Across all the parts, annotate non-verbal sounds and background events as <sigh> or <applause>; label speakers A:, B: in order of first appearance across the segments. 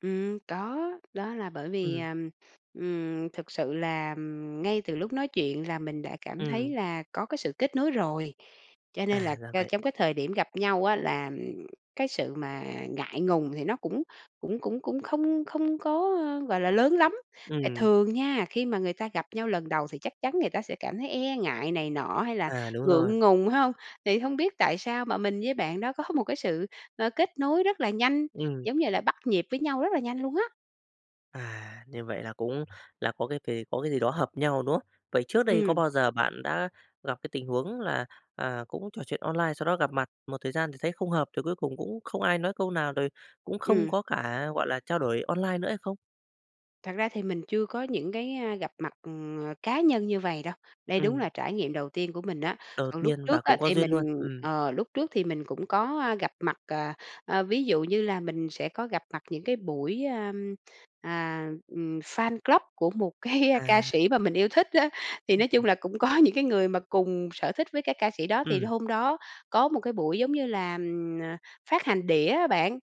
A: Ừm, có, đó là bởi vì,
B: Ừm.
A: ờ, ừm, thực sự là, ừm, ngay từ lúc nói chuyện là mình đã cảm thấy
B: Ừm.
A: là có cái sự kết nối rồi, cho nên
B: À,
A: là,
B: ra
A: a,
B: vậy.
A: trong cái thời điểm gặp nhau á là, ừm, cái sự mà ngại ngùng thì nó cũng cũng cũng cũng không không có, ơ, gọi là, lớn lắm. Tại
B: Ừm.
A: thường nha, khi mà người ta gặp nhau lần đầu thì chắc chắn người ta sẽ cảm thấy e ngại này nọ hay là
B: À, đúng rồi.
A: ngượng ngùng, phải không? Thì hông biết tại sao mà mình với bạn đó có <unintelligible> một cái sự, ờ, kết nối rất là nhanh,
B: Ừm.
A: giống như là bắt nhịp với nhau rất là nhanh luôn á.
B: À, như vậy là cũng là có cái kì có cái gì đó hợp nhau, đúng không? Vậy trước đây có
A: Ừm.
B: bao giờ bạn đã gặp cái tình huống là, à, cũng trò chuyện online sau đó gặp mặt một thời gian thì thấy không hợp, rồi cuối cùng cũng không ai nói câu nào, rồi cũng không
A: Ừm.
B: có cả, gọi là, trao đổi online nữa hay không?
A: Thật ra thì mình chưa có những cái, a, gặp mặt, ừm, ờ, cá nhân như vầy đâu. Đây đúng
B: Ừm.
A: là trải nghiệm đầu tiên của mình á.
B: Đột
A: Còn lúc
B: nhiên và
A: trước á
B: cũng có
A: thì
B: duyên luôn.
A: mình
B: Ừm.
A: ờ, lúc trước thì mình cũng có, a, gặp mặt, ờ, ờ, ví dụ như là mình sẽ có gặp mặt những cái buổi, a, à, ừm, fan club của một cái ca
B: À.
A: sĩ mà mình yêu thích á, thì
B: Ưm,
A: nói chung
B: ừm.
A: là cũng có những cái người mà cùng sở thích với cái ca sĩ đó. Thì
B: Ừm.
A: hôm đó có một cái buổi giống như là, ừm, ờ, phát hành đĩa á bạn,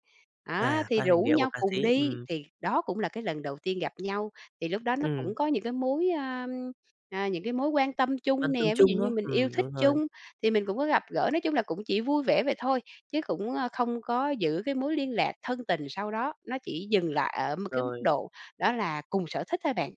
A: á,
B: À,
A: thì
B: phát hành
A: rủ
B: đĩa của
A: nhau
B: ca
A: cùng
B: sĩ,
A: đi,
B: ừm.
A: thì đó cũng là cái lần đầu tiên gặp nhau. Thì lúc đó nó
B: Ừm.
A: cũng có những cái mối, ơ, ờ, những cái mối quan tâm
B: Quan
A: chung
B: tâm
A: nè, ví dụ
B: chung, đúng
A: như
B: không?
A: mình yêu
B: Ừm,
A: thích
B: đúng rồi.
A: chung, thì mình cũng có gặp gỡ, nói chung là cũng chỉ vui vẻ vậy thôi, chứ cũng, ơ, không có giữ cái mối liên lạc thân tình sau đó, nó chỉ dừng lại ở một cái mức
B: Rồi.
A: độ đó là cùng sở thích thôi bạn.